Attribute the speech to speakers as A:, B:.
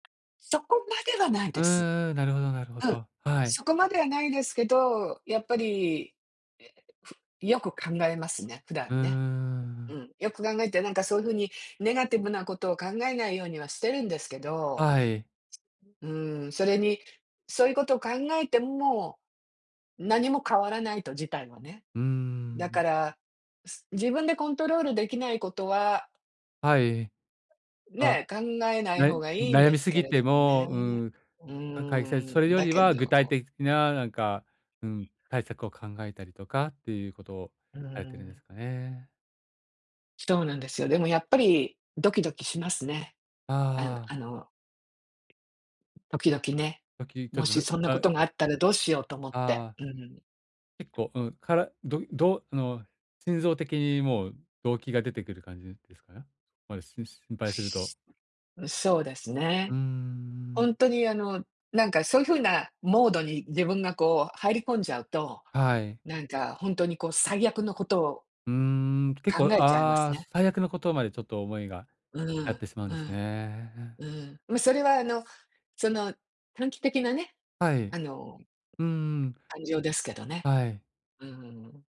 A: そこまではない
B: う
A: です。
B: んうん、なるほどなるほ
A: うん。
B: ど。はい。
A: そこまではないですけど、やっぱり、え、ふよく考えますね、普
B: う
A: 段
B: ー
A: ね。う
B: ん。
A: ん。よく考えて、なんかそゆふにネガティブなことを考えないようにはしてるんですけど、
B: はい。
A: うーん、それに、そゆこと考えて、ん、も、何も変わらないと、事態はね。
B: うー
A: だ
B: ん。
A: から、す自分でコントロールできないことは
B: はい。あ、
A: ね、考えない
B: な
A: 方
B: い
A: がいいん
B: 悩
A: で
B: み
A: す
B: す
A: け
B: ぎ
A: れど
B: て
A: も
B: も、
A: ね。
B: うん、
A: う
B: かかいせそれ
A: ーん、
B: よ
A: だ
B: り
A: け
B: は具体
A: ど
B: 的な、なんか、うん、対策を考えたりとかっていうことを
A: うー
B: されてるんで
A: ん。
B: すかね。
A: そうなんですよ。でもやっぱりドキドキしますね。あ
B: あ
A: う
B: あ。
A: あの時々ね。
B: さっき言った、
A: も
B: ど
A: し
B: ど
A: そんなこ
B: あ
A: とがあったらどうしようと思っ
B: あ
A: て、
B: あ。
A: うん。
B: 結構、うん、からどいどうあの、心臓的にもう、動悸が出てくる感じですか？ま、しん心配すると
A: う、そうです
B: うー
A: ね。ほ
B: ん。
A: んとに、あの、なんか、そゆ風なモードに自分が、こう、入り込んじゃうと、
B: はい。
A: なんか、ほんとに、こう、最悪のことを
B: うーん。結構
A: 考えちゃいま
B: あ
A: す
B: あ、
A: ね。
B: 最悪のことまでちょっと思いが、
A: うー
B: あっ
A: ん。
B: てしまうん
A: う
B: です
A: ん。
B: ね。
A: うん、ま、それは、あの、その、短期的なね、
B: はい。
A: あの
B: うんうん。
A: 感情ですけどね。
B: はい。
A: うーん。